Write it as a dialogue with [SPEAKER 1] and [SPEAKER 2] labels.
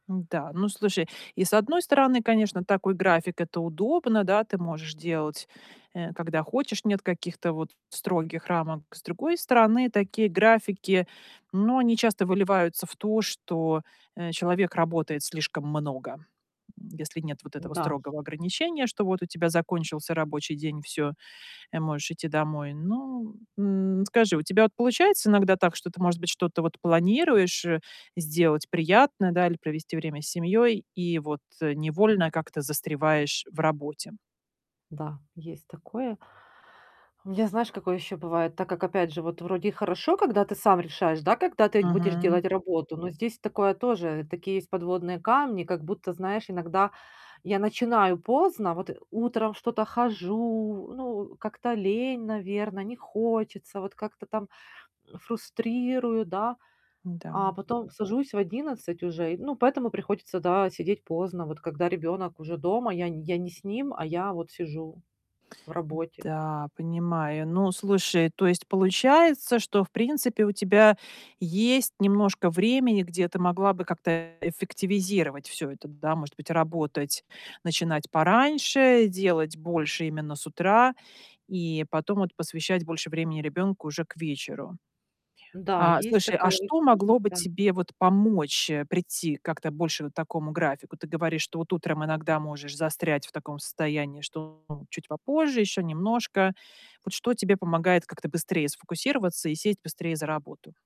[SPEAKER 1] М-да, ну слушай, и с 1 стороны, конечно, такой график- это удобно, да, ты можешь делать, э, когда хочешь, нет каких-то, вот, строгих рамок. С другой стороны, такие графики, ну, они часто выливаются в то, что, э, человек работает слишком много. М, если нет вот этого
[SPEAKER 2] Да.
[SPEAKER 1] строгого ограничения, что вот у тебя закончился рабочий день, всё, э, можешь идти домой. Ну, м. Скажи, у тебя вот получается иногда так, что ты, может быть, что-то вот планируешь, э, сделать приятное, да, или провести время с семьей, и вот невольно как-то застреваешь в работе?
[SPEAKER 2] Да, есть такое. У меня, знаешь, какое еще бывает. Так как, опять же, вот вроде и хорошо, когда ты сам решаешь, да, когда ты будешь
[SPEAKER 1] Мгм.
[SPEAKER 2] делать работу, но здесь такое тоже Такие есть подводные камни, как будто, знаешь, иногда я начинаю поздно. Вот, э, утром что-то хожу, ну, как-то лень, наверно, не хочется. Вот, как-то там, м, фрустрирую, да.
[SPEAKER 1] Да.
[SPEAKER 2] А потом сажусь в 11 уже, и, ну, поэтому приходится, да, сидеть поздно, вот когда ребенок уже дома, я не я не с ним, а я вот сижу в
[SPEAKER 1] М,
[SPEAKER 2] работе.
[SPEAKER 1] да, понимаю. Ну, слушай, то есть получается, что, в принципе, у тебя есть немножко времени, где ты могла бы как-то эффективизировать всё это, да? Может быть, работать начинать пораньше, делать больше именно с утра, и потом вот посвящать больше времени ребёнку уже к вечеру.
[SPEAKER 2] Н-да,
[SPEAKER 1] А,
[SPEAKER 2] есть
[SPEAKER 1] слушай, а
[SPEAKER 2] такая
[SPEAKER 1] что могло
[SPEAKER 2] возможность.
[SPEAKER 1] бы
[SPEAKER 2] Да.
[SPEAKER 1] тебе вот помочь, э, прийти как-то больше вот к такому графику? Ты говоришь, что вот утром иногда можешь застрять в таком состоянии, что ну, чуть попозже, ещё немножко. Вот что тебе помогает как-то быстрее сфокусироваться и сесть быстрее за работу?